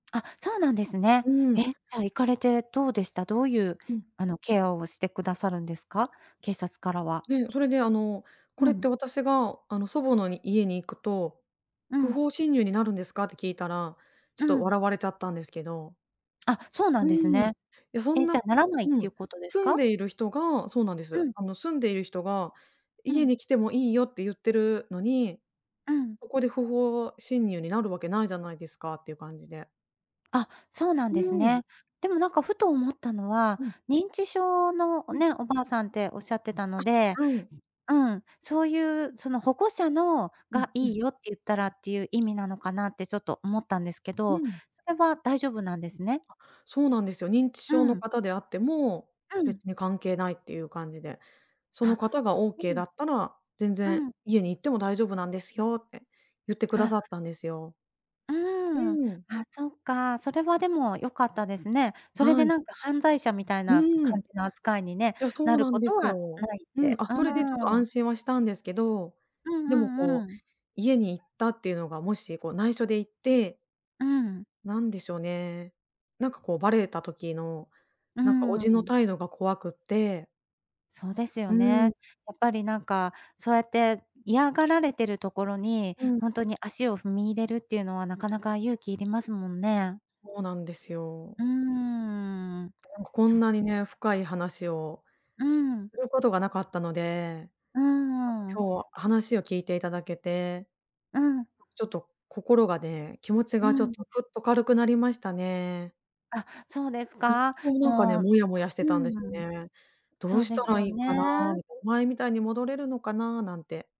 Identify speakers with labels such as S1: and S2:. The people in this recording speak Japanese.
S1: あ、そうなんですね。
S2: う
S1: え、
S2: ん。
S1: じゃあ、行かれてどうでした？どういう、
S2: うん。
S1: あの、ケアをしてくださるんですか？警察からは。
S2: で、それであの「こ
S1: う
S2: れっ
S1: ん。
S2: て私が、あの祖母のに家に行くと、
S1: う
S2: 不
S1: ん。
S2: 法侵入になるんですか？」って聞いたら、ちょ
S1: う
S2: っと
S1: ん。
S2: 笑われちゃったんですけど。
S1: あ、そうな
S2: う
S1: んです
S2: ーん。い
S1: ね。
S2: や、そん
S1: え、
S2: な
S1: じゃ、ならない
S2: う
S1: ってい
S2: ん、
S1: うことです
S2: 住ん
S1: か？
S2: でいる人がそうなんで
S1: う
S2: す。
S1: ん。
S2: あの、住んでいる人が
S1: う
S2: 家
S1: ん。
S2: に来てもいいよって言ってるのに、
S1: うん。
S2: ここで不法侵入になるわけないじゃないですかっていう感じで。
S1: あ、そうなん
S2: う
S1: です
S2: ん。
S1: ね。でも、なんかふと思ったのは、
S2: うん。
S1: 認知症の
S2: うん。
S1: ね、おばあさんっておっしゃってたので
S2: あ、はい。
S1: うん、そういう、その保護者の
S2: う
S1: が
S2: んう
S1: 「いい
S2: ん。
S1: よ」って言ったらっていう意味なのかな？ってちょっと思ったんですけ
S2: う
S1: ど、
S2: ん。
S1: それは大丈夫なんですね。
S2: そうなんですよ。認知
S1: う
S2: 症の
S1: ん。
S2: 方であっても、
S1: うん。
S2: 別に関係ないっていう感じで「その
S1: あ、
S2: 方がオー
S1: そ
S2: ケー
S1: う
S2: だ
S1: な
S2: ったら全
S1: う
S2: 然
S1: ん。
S2: 家に行っても大丈夫なんですよ」って言ってくだ
S1: あ。
S2: さったんですよ。
S1: う
S2: う
S1: ーん。
S2: ん。
S1: あそっか、それはでも良かったですね。それ
S2: は
S1: で
S2: い。
S1: なんか犯罪者みたい
S2: う
S1: な
S2: ーん。い
S1: 感じの扱いにね、
S2: や、そ
S1: な
S2: う
S1: る
S2: なん
S1: こ
S2: で
S1: と
S2: す
S1: は
S2: よ。
S1: ないっ
S2: うん、
S1: て。
S2: あ、
S1: う
S2: それでちょっと
S1: ー
S2: 安
S1: ん。
S2: 心はしたんですけど、
S1: う
S2: でも、
S1: んうん
S2: こ
S1: う
S2: う、
S1: ん。
S2: 家に行ったっていうのが、もし、こう内緒で行って
S1: うん。
S2: なんでしょうね。なんかこう、バレた時の、
S1: う
S2: なんか、お
S1: ー
S2: じの
S1: ん。
S2: 態度が怖くって。
S1: そうです
S2: う
S1: よ
S2: ーん。
S1: ね。やっぱりなんか、そうやって嫌がられてるところに、
S2: うん。
S1: 本当に足を踏み入れるっていうのは、なかなか勇気いりますもんね。
S2: ほうなんですよ。
S1: うーん、
S2: なんかこ
S1: そ
S2: んなにね、深い話を
S1: うん。
S2: ることがなかったので、
S1: う
S2: なんか
S1: ーん。
S2: 今日は話を聞いていただけて、
S1: うん。
S2: ちょっと心がね、気持ち
S1: う
S2: がちょっ
S1: ん。
S2: と、ふっと軽くなりましたね。
S1: あ、そうです
S2: ずっ
S1: か。
S2: となんかね、
S1: もう
S2: もやもやし
S1: う
S2: てたんで
S1: ーん。
S2: よね「ど
S1: そ
S2: う
S1: う
S2: し
S1: で
S2: た
S1: すよ
S2: らいいかな？」
S1: ね。
S2: みたい「前みたいに戻れるのかな？」なんて。